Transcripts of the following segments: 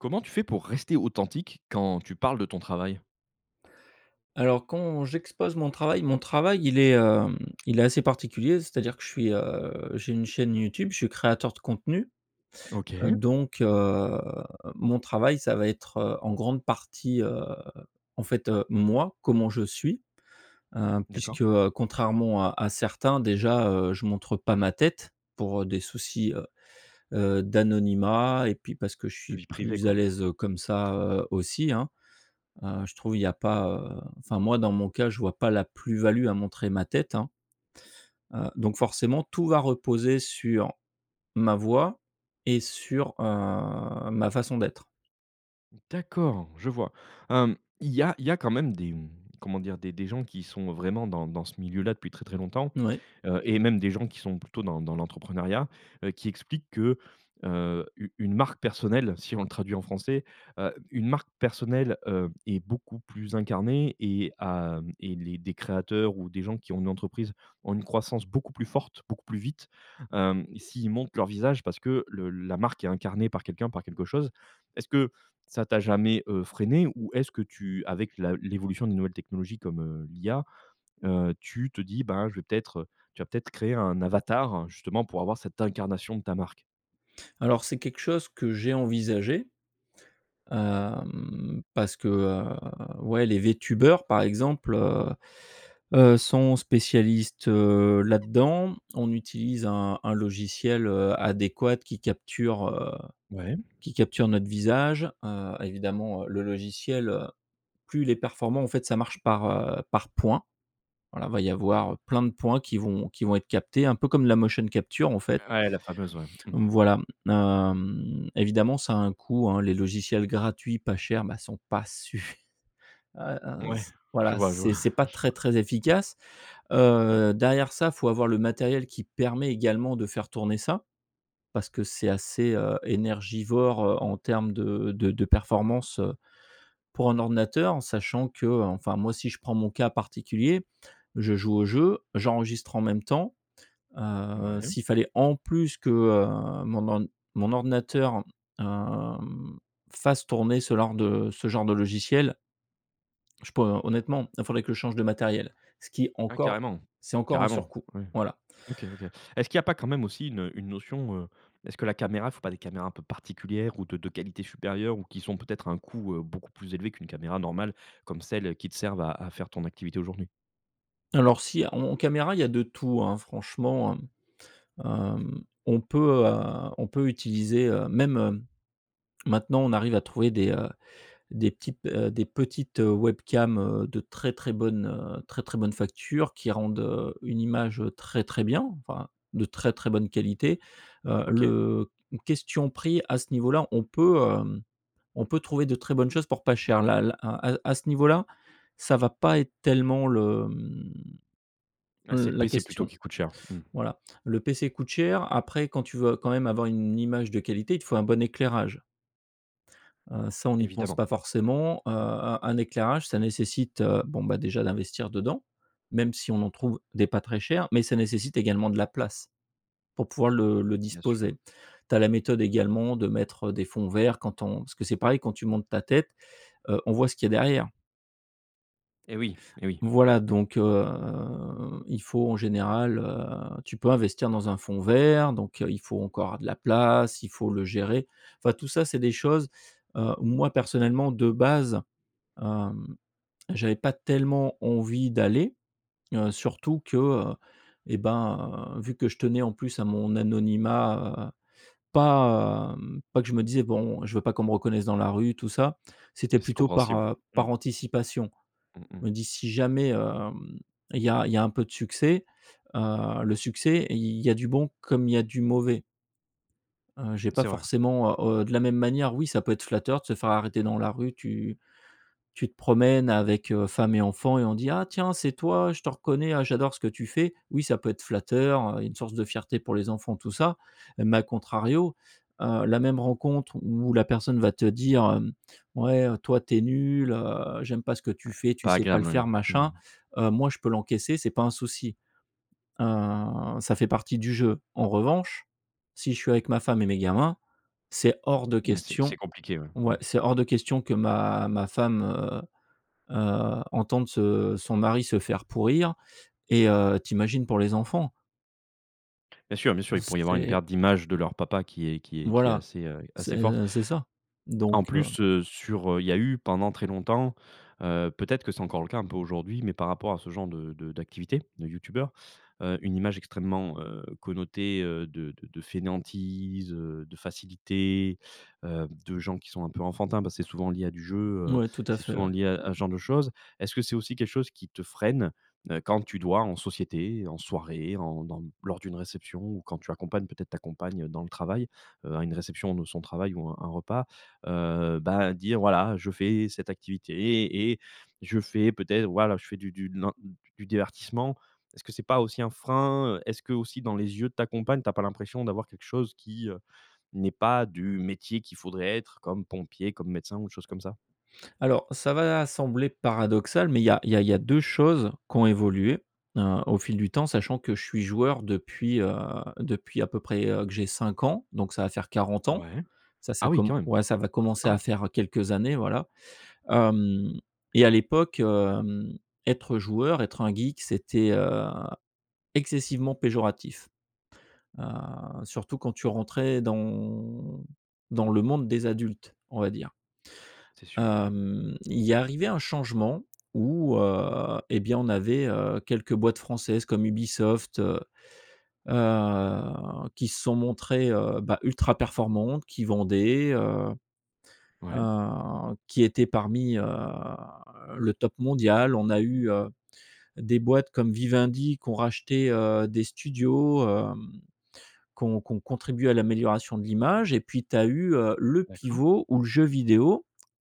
Comment tu fais pour rester authentique quand tu parles de ton travail? Alors quand j'expose mon travail mon travail il est, hem, il est assez particulier, c'est-à-dire que je suis, heu, j'ai une chaîne YouTube, je suis créateur de contenu. OK. Donc heu, mon travail, ça va être, heu, en grande partie, heu, en fait, heu, moi, comment je suis, heu, D'accord. puisque, heu, contrairement à à certains déjà je montre pas ma tête pour des soucis, heu heu, d'anonymat et puis parce que je suis Vie privée, plus à quoi? l'aise comme ça, heu, aussi, hein, heu, je trouve il y a pas, heu enfin moi dans mon cas je vois pas la plus-value à montrer ma tête, hein heu, donc forcément tout va reposer sur ma voix et sur, heu, ma façon d'être. D'accord, je vois. Hem, il y a il y a quand même des comment dire des des gens qui sont vraiment dans dans ce milieu là depuis très, très longtemps, Oui. heu, et même des gens qui sont plutôt dans dans l'entrepreneuriat, heu, qui expliquent que, heu, u une marque personnelle si on le traduit en français, heu, une marque personnelle, heu, est beaucoup plus incarnée et a et les des créateurs ou des gens qui ont une entreprise ont une croissance beaucoup plus forte, beaucoup plus vite, hem, s'ils montent leur visage parce que le la marque est incarnée par quelqu'un, par quelque chose. Est-ce que ça t'a jamais, heu, freiné ou est-ce que tu avec la l'évolution des nouvelles technologies comme, heu, l'IA, heu, tu te dis, ben je vais peut-être, heu, tu vas peut-être créer un avatar justement pour avoir cette incarnation de ta marque? Alors c'est quelque chose que j'ai envisagé, hem, parce que, heu, ouais, les Vtubers par exemple, heu heu, sont spécialistes, heu, là-dedans, on utilise un un logiciel, heu, adéquat qui capture, heu, Ouais. qui capture notre visage, heu, évidemment le logiciel, heu, plus il est performant en fait ça marche par, heu, par point, voilà, il va y avoir plein de points qui vont qui vont être captés un peu comme la motion capture en fait Ouais, la fameuse, ouais. Mmh. donc voilà, hem, évidemment ça a un coût, hein, les logiciels gratuits, pas chers mais sont pas suf ,heu heu, Ouais, s je voilà, vois, je vois, c'est c'est pas je très, vois. très efficace, heu, derrière ça faut avoir le matériel qui permet également de faire tourner ça, parce que c'est assez, heu, énergivore, heu, en termes de de de performance, heu, pour un ordinateur sachant que, heu, enfin moi si je prends mon cas particulier, je joue au jeu, j'enregistre en même temps, heu, Ouais. s'il fallait en plus que, heu, mon or mon ordinateur, hem, fasse tourner ce genre de ce genre de logiciel je peux honnêtement il faudrait que je change de matériel, ce qui Ah encore carrément. c'est, encore un Carrément. surcoût, Ouais, voilà. OK, OK. Est-ce qu'il y a pas quand même aussi une, heu, une notion, heu, est-ce que la caméra il faut pas des caméras un peu particulières ou de de qualité supérieure ou qui sont peut-être un coût, heu, beaucoup plus élevé qu'une caméra normale comme celles qui te servent à à faire ton activité aujourd'hui? Alors si en en caméra il y a de tout, hein, franchement, mmh, hem, on peut, heu, on peut utiliser, heu même, maintenant on arrive à trouver des, heu, des types heu, des petites webcams, heu, de très ,très bonne, heu, très, très bonne facture qui rendent, heu, une image très, très bien, enfin de très, très bonne qualité, heu, OK. le question prix à ce niveau-là, on peut, hem, on peut trouver de très bonnes choses pour pas cher là là à à à ce niveau-là, ça va pas être tellement le mmh, Ouais, heu c'est le la PC plutôt question. qui coûte cher. Mmh. Voilà, le PC coûte cher, après quand tu veux quand même avoir une image de qualité, il te faut un bon éclairage. Heu, ça on y pense Évidemment. pas forcément. Heu, Mmh. un un éclairage ça nécessite, bon, bah déjà d'investir dedans même si on en trouve des pas très cher mais ça nécessite également de la place pour pouvoir le le Bien sûr. disposer. Tu as la méthode également de mettre des fonds verts quand on parce que c'est pareil quand tu montres ta tête, heu, on voit ce qu'il y a derrière. Eh oui, eh oui, Voilà, oui. donc, heu, il faut en général, heu, tu peux investir dans un fond vert, donc, heu, il faut encore avoir de la place, il faut le gérer enfin tout ça, c'est des choses, heu, où moi personnellement de base, hem, j'avais pas tellement envie d'aller, heu, surtout que, heu, eh ben, vu que je tenais en plus à mon anonymat, heu, pas hem, pas que je me disais, bon, je veux pas qu'on me reconnaisse dans la rue tout ça, c'était C'est plutôt par, compréhensible. heu, par Mmh. anticipation, Mmh mh. me dis si jamais, hem, il y a il y a un peu de succès, heu, le succès il y a du bon comme il y a du mauvais heu, j'ai pas C'est vrai. forcément heu, de la même manière, oui, ça peut être flatteur de se faire arrêter dans la rue, tu tu te promènes avec, heu, femme et enfants et on dit: «Ah tiens, c'est toi, je te reconnais, ah j'adore ce que tu fais!». Oui, ça peut être flatteur, heu, il y a une source de fierté pour les enfants, tout ça. Mais à contrario, heu, la même rencontre où la personne va te dire, hem: «Ouais, toi, tu es nul, heu, j'aime pas ce que tu Ouais. fais, tu Pas sais pas le agréable, faire!», oui. machin, Mmh. heu, moi je peux l'encaisser c'est pas un souci, heu, ça fait partie du jeu, en revanche, si je suis avec ma femme et mes gamins, c'est hors de Ouais, c'est c'est question compliqué, ouais. Mmh. ouais, c'est hors de question que ma ma femme, heu heu, entende ce son mari se faire pourrir et heu, tu imagines pour les enfants Bien sûr, bien sûr, il pourrait y avoir une c'est perte d'image de leur papa qui est qui est qui est voilà, assez, heu, assez forte. c'est c'est ça, donc, En heu plus, heu, sur, heu, il y a eu pendant très longtemps, heu peut-être que c'est encore le cas un peu aujourd'hui, mais par rapport à ce genre de de d'activité, de youtubeur, heu, une image extrêmement, heu, connotée, heu, de de de fainéantise, heu, de facilité, heu, de gens qui sont un peu enfantins, parce c'est souvent lié à du jeu, heu, Ouais, tout à c'est fait, souvent ouais. lié à à ce genre de choses. Est-ce que c'est aussi quelque chose qui te freine, heu, quand tu dois en société, en soirée, en dans lors d'une réception ou quand tu accompagnes peut-être ta compagne dans le travail, heu, à une réception de son travail ou un un repas, heu, bah dire, voilà, je fais cette activité et je fais peut-être voilà, je fais du du nan d du divertissement. Est-ce que c'est pas aussi un frein, heu? Est-ce que aussi dans les yeux de ta compagne, tu as pas l'impression d'avoir quelque chose qui, heu, n'est pas du métier qu'il faudrait être comme pompier, comme médecin ou de choses comme ça? Alors, ça va sembler paradoxal mais il y a il y a il y a 2 choses qui ont évolué, heu, au fil du temps sachant que je suis joueur depuis, heu, depuis à peu près, heu, que j'ai 5 ans, donc ça va faire 40 ans, Ouais. ça ça Ah oui com quand même! ouais, ça va commencer Ah à ouais. faire quelques années, voilà. Hem, et à l'époque, hem, être joueur, être un geek c'était, heu, excessivement péjoratif, heu, surtout quand tu rentrais dans dans le monde des adultes, on va dire. C'est sûr. Mmh mh. Hem, il y est arrivé un changement où, heu, eh bien, on avait, heu, quelques boîtes françaises comme Ubisoft, heu heu, qui se sont montrées, heu, bah ultra performantes, qui vendaient, heu Ouais. heu, qui étaient parmi, heu, le top mondial. On a eu, heu, des boîtes comme Vivendi qui ont racheté, heu, des studios, hem, qui ont qui ont contribué à l'amélioration de l'image et puis tu as eu, heu, le D'accord. pivot où le jeu vidéo,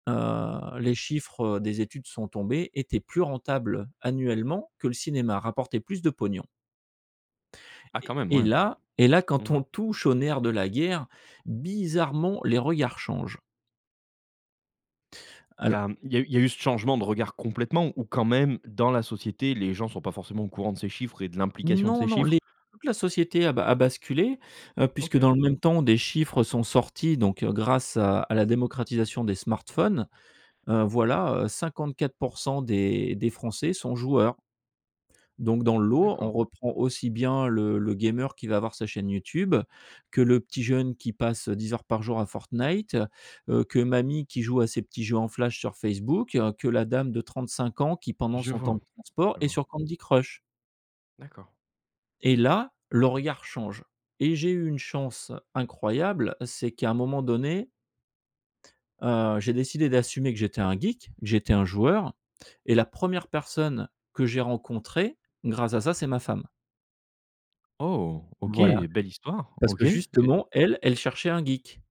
heu, les chiffres des études sont tombées, étaient plus rentables annuellement que le cinéma, rapportait plus de pognon Ah et quand même! et Ouais. là et là quand Mmh. on touche au nerf de la guerre bizarrement les regards changent. Il y Alors a il y a eu il y a eu ce changement de regard complètement ou quand même, dans la société les gens sont pas forcément au courant de ces chiffres et de l'implication de Non, ces non, chiffres? les toute la société a ba a basculé, heu, puisque OK. dans le même temps des chiffres sont sortis, donc, heu, grâce à à la démocratisation des smartphones, heu, voilà, heu, 54% des des Français sont joueurs. Donc dans le lot on D'accord. reprend aussi bien le le gamer qui va avoir sa chaîne YouTube que le petit jeune qui passe, heu, 10 heures par jour à Fortnite, heu, que mamie qui joue à ses petits jeux en Flash sur Facebook, que la dame de 35 ans qui pendant Je son temps vois, de transport, je est vois. sur Candy Crush. D'accord. Et là, le OK. regard change et j'ai eu une chance incroyable c'est qu'à un moment donné heu, j'ai décidé d'assumer que j'étais un geek, j'étais un joueur et la première personne que j'ai rencontré, grâce à ça, c'est ma femme Oh! OK, voilà, belle histoire, parce OK. que Et justement elle, elle cherchait un geek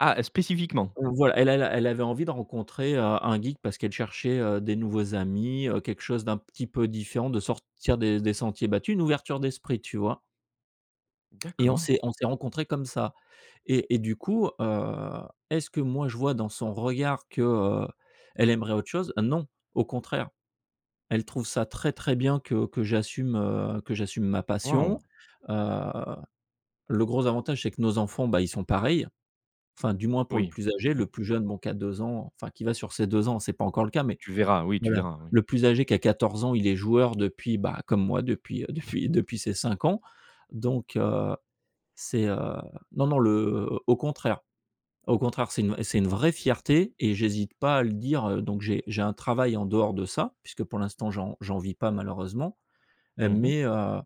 Ah! Spécifiquement? Voilà elle elle a elle avait envie de rencontrer, heu, un geek parce qu'elle cherchait, heu, des nouveaux amis, heu, quelque chose d'un petit peu différent, de sortir des des sentiers battus, une ouverture d'esprit, tu vois. Et on D'accord. s'est on s'est rencontrés comme ça, et et du coup, heu, est-ce que moi je vois dans son regard que, heu, elle aimerait autre chose? Non, au contraire elle trouve ça très, très bien que que j'assume, heu, que j'assume ma passion, Waouh! heu, le gros avantage, c'est que nos enfants, bah ils sont pareils enfin du moins pour le Oui. plus âgé, Mmh. le plus jeune, bon, qui a 2 ans, enfin, qui va sur ses 2 ans, c'est pas encore le cas, mais Tu verras oui tu voilà, verras oui. le plus âgé qui a 14 ans, il est joueur depuis, comme moi, bah depuis depuis depuis ses 5 ans, donc, heu, c'est, heu non, non, le au contraire au contraire, c'est une c'est une vraie fierté et j'hésite pas à le dire, donc j'ai j'ai un travail en dehors de ça puisque pour l'instant, j'en j'en vis pas malheureusement Mmh mh. mais, heu,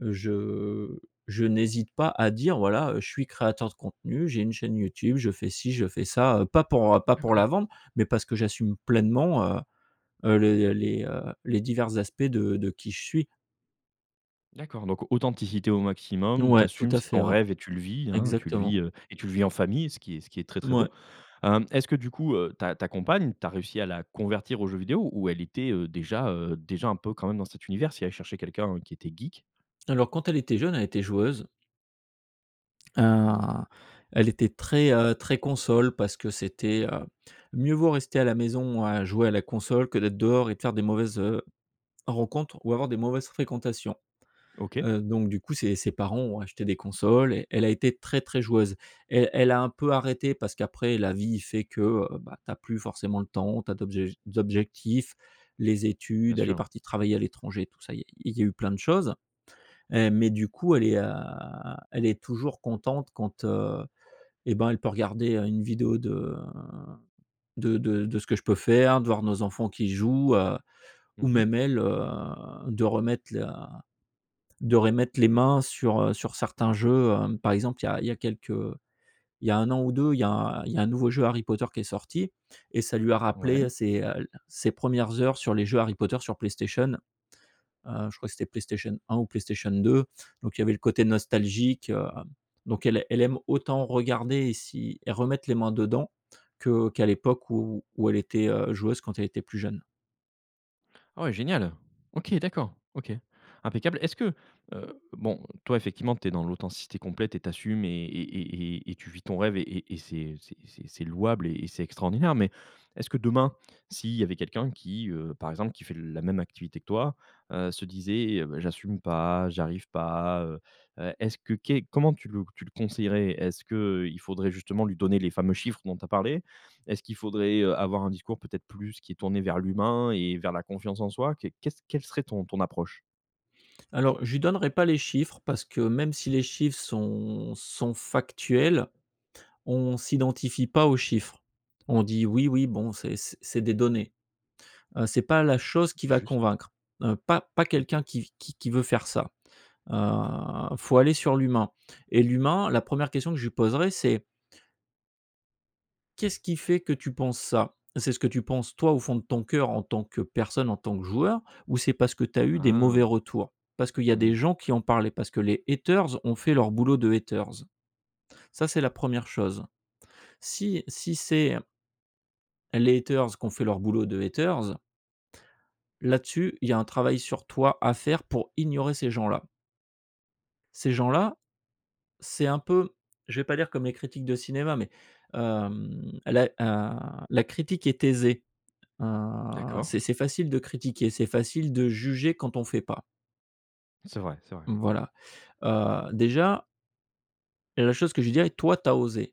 je je n'hésite pas à dire voilà, heu, je suis créateur de contenu, j'ai une chaîne YouTube, je fais ci, je fais ça, pas pour, heu, pas pour D'accord. la vendre, mais parce que j'assume pleinement, heu heu, les les, heu, les divers aspects de de qui je suis. D'accord, donc authenticité au maximum, tu Ouais, tout assumes, à c'est fait, ton ouais. rêve et tu le vis, hein, tu le Exactement. vis, heu, et tu le vis en famille, ce qui est ce qui est très, très beau. Ouais. Hem, est-ce que du coup, heu, ta ta compagne, tu as réussi à la convertir aux jeux vidéos où elle était, heu, déjà, heu déjà, heu, un peu quand même dans cet univers, si elle cherchait quelqu'un qui était geek? Alors, quand elle était jeune, elle était joueuse hein, elle était très, heu, très console parce que c'était, heu: «mieux vaut rester à la maison à jouer à la console que d'être dehors et de faire des mauvaises heu rencontres ou avoir des mauvaises fréquentations», OK. heu, donc, du coup, ses ses parents ont acheté des consoles et elle a été très, très joueuse. Elle elle a un peu arrêté parce qu'après la vie fait que, heu, ben tu as plus forcément le temps, tu as d'autres ject objectifs, les Bien études, elle est sûr. partie travailler à l'étranger, tout ça, il y a il y a eu plein de choses, heu, mais du coup, elle est, heu, elle est toujours contente quand, heu, eh ben, elle peut regarder une vidéo de de de ce que je peux faire, de voir nos enfants qui jouent, heu, ou Mmh mh. même elle, heu, de remettre la de remettre les mains sur, heu, sur certains jeux, heu, par exemple il y a il y a quelques, heu, il y a 1 an ou 2 il y a il y a un nouveau jeu Harry Potter qui est sorti et ça lui a Ouais. rappelé ses, heu, ses 1res heures sur les jeux Harry Potter sur PlayStation- heu, je crois que c'était PlayStation 1 ou PlayStation 2- donc il y avait le côté nostalgique, hem, donc elle elle aime autant regarder et si et remettre les mains dedans que qu'à l'époque où où elle était heu, joueuse, quand elle était plus jeune. Ouais, génial! OK, d'accord, OK. Impeccable. Est-ce que, heu bon, toi, effectivement tu es dans l'authenticité complète et tu assumes et et et et et tu vis ton rêve et et c'est c'est c'est louable et c'est extraordinaire, mais, est-ce que demain, si il y avait quelqu'un qui, heu, par exemple, qui fait la même activité que toi, heu, se disait: «Eh beh! j'assume pas, j'arrive pas», heu, est-ce que qu'est comment tu le tu le conseillerais? Est-ce qu'il faudrait justement lui donner les fameux chiffres dont tu as parlé? Est-ce qu'il faudrait, heu, avoir un discours peut-être plus qui est tourné vers l'humain et vers la confiance en soi? Qu'est qu'est ce quelle serait ton ton approche? Alors, je lui donnerai pas les chiffres parce que même si les chiffres sont sont factuels, on s'identifie pas aux chiffres. On dit: «Oui, oui, bon, c'est c c'est des données», heu, c'est pas la chose qui va Juste. convaincre, heu, pas pas Mmh quelqu'un OK. qui qui qui veut faire ça, heu, faut aller sur l'humain et l'humain la 1re question que je lui poserai, c'est «Qu'est-ce qui fait que tu penses ça? C'est ce que tu penses, toi, au fond de ton cœur, en tant que personne, en tant que joueur ou c'est parce que tu as eu des Ah! mauvais retours? Parce qu'il y a des Mhm mh. gens qui en parlaient? Parce que les haters ont fait leur boulot de haters?» Ça, c'est la 1re chose. Si si c'est les haters qu'ont fait leur boulot de haters là-dessus, il y a un travail sur toi à faire pour ignorer ces gens-là. Ces gens-là, c'est un peu, je vais pas dire comme les critiques de cinéma mais hem, la, heu, la critique est aisée, heu, D'accord. c'est c'est facile de critiquer, c'est facile de juger quand on fait pas. C'est vrai, c'est vrai. Voilà. Heu, déjà la chose que je lui dirais: «Toi, tu as osé.»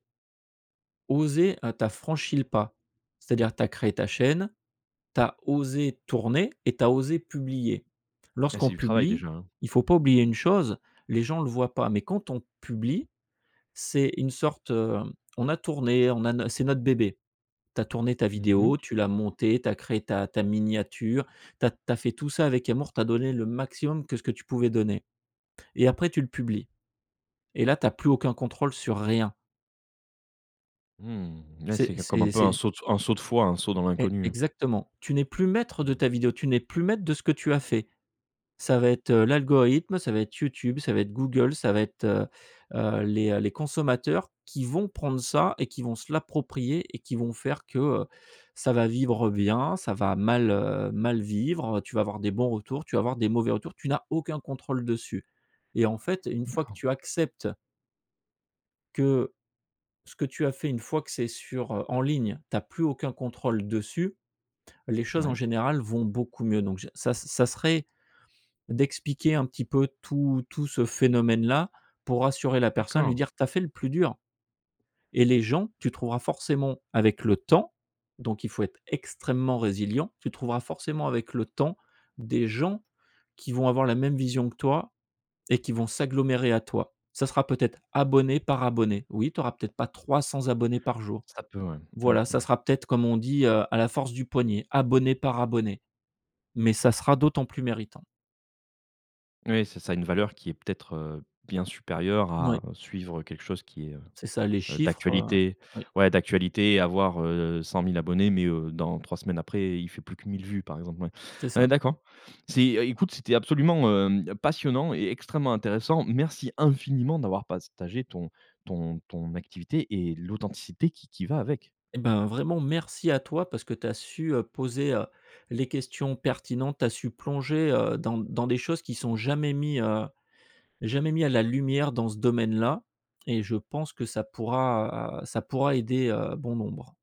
«Osé, heu, tu as franchi le pas, c'est-à-dire tu as créé ta chaîne. Tu as osé tourner et tu as osé publier.» Et Lorsqu'on c'est du travail, publie, déjà, hein. il faut pas oublier une chose, les gens le voient pas, mais quand on publie, c'est une sorte, heu, on a tourné on a no c'est notre bébé, tu as tourné ta Mmh vidéo, mh. tu l'as montée, tu as créé ta ta miniature, tu as tu as fait tout ça avec amour, tu as donné le maximum que ce que tu pouvais donner. Et après tu le publies, et là tu as plus aucun contrôle sur rien. Mmh. Ouais C'est c'est c comme un c'est peu un c'est saut un saut de foi, un saut dans E l'inconnu. exactement. Tu n'es plus maître de Mmh. ta vidéo, tu n'es plus maître de ce que tu as fait. Ça va être, heu, l'algorithme, ça va être YouTube, ça va être Google, ça va être, heu, heu, les, heu, les consommateurs, qui vont prendre ça et qui vont se l'approprier et qui vont faire que, heu, ça va vivre bien, ça va mal, heu, mal vivre, heu, tu vas avoir des bons retours, tu vas avoir des mauvais retours. Tu n'as aucun contrôle dessus et en fait une fois que D'accord. tu acceptes que ce que tu as fait, une fois que c'est sur, heu en ligne, tu as plus aucun contrôle dessus, les choses en Ouais. général vont beaucoup mieux. Donc j ça ça serait, d'expliquer un petit peu tout tout ce phénomène là, pour rassurer la personne, lui D'accord. dire: «Tu as fait le plus dur», et les gens, tu trouveras forcément, avec le temps- donc il faut être extrêmement résilient- tu trouveras forcément avec le temps, des gens qui vont avoir la même vision que toi et qui vont s'agglomérer à toi. Ça sera peut-être abonné par abonné. Oui tu auras peut-être pas 300 abonnés par jour. Ça peut, ouais, mmh Voilà ça mh. sera peut-être comme on dit, heu, à la force du poignet, abonné par abonné. Mais ça sera d'autant plus méritant. Oui, c'est ça, une valeur qui est peut-être, heu, bien supérieure Oui. à suivre, heu, quelque chose qui est, heu, C'est ça les heu, chiffres, heu d'actualité. oui. Ouais d'actualité et avoir, heu, 100 000 abonnés mais, heu, dans 3 semaines après il fait plus que 1000 vues par exemple, ouais. C'est Heu, ça. d'accord. C'est, heu écoute, c'était absolument, heu, passionnant et extrêmement intéressant, merci infiniment d'avoir partagé ton ton ton activité et l'authenticité qui qui va avec. Eh ben vraiment merci à toi parce que tu as su, heu, poser, heu, les questions pertinentes. Tu as su plonger, heu, dans dans des choses qui sont jamais mis, heu, jamais mis à la lumière dans ce domaine là et je pense que ça pourra ça pourra aider, heu, bon nombre.